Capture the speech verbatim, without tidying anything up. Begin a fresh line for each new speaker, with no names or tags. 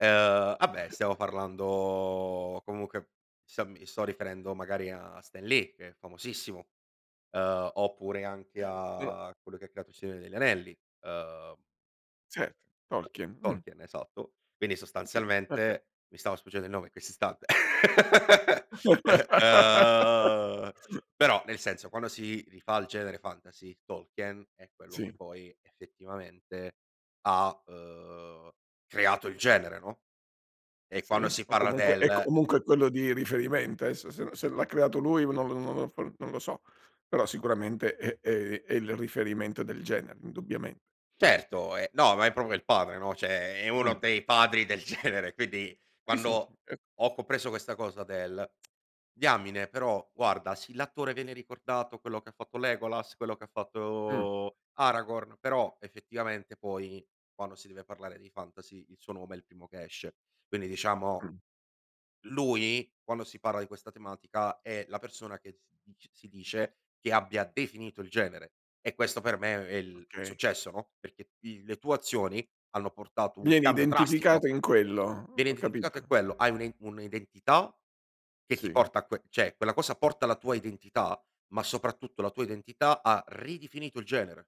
Ehm, ah beh, stiamo parlando comunque, sia mi sto riferendo magari a Stan Lee che è famosissimo, ehm, oppure anche
[unintelligible]
a a quello che ha creato il Signore degli Anelli, ehm
Certo, Tolkien, mh.
Tolkien, esatto. Quindi
Sì, okay.
sostanzialmente mi stava sfuggendo il nome questo istante. Ehm, però nel senso, quando si rifà al genere fantasy, Tolkien è quello che
Sì.
poi effettivamente ha, uhm, creato il genere, no, e quando
Sì,
si
o
parla
comunque è
del
comunque quello di riferimento, aesso se se l'ha creato lui u non non lo uhm, non lo so, però sicuramente è è i è il riferimento del genere indubbiamente.
Certo, ehm, no, ma è propo il padre, no, ceh è uno
Mh.
dei padri del genere, quindi,
Sì, sì
quando
[unintelligible]
ho copreso questa cosa del: diamine, però guarda sì, l'attore viene ricordato, quello che ha fatto Legolas, quello che
Mh.
fatto Aragorn, però effettivamente poi, quando si deve parlare dei fantasy il suo nome è il primo che esce. Quindi diciamo,
Mh.
lui quando si parla di questa tematica, è la persona che si dic si dice che abbia definito il genere, e questo per me è il
Okay.
successo, no, perché i le tue azioni hanno portato un
Vieni
cambio drastico.
identificato in quello,
Viene
ho
identificato è
capito.
quello, hai un e un'identità che ti
Sì.
porta a que ceh, quella cosa porta la tua identità, ma soprattutto la tua identità ha ridifinito il genere.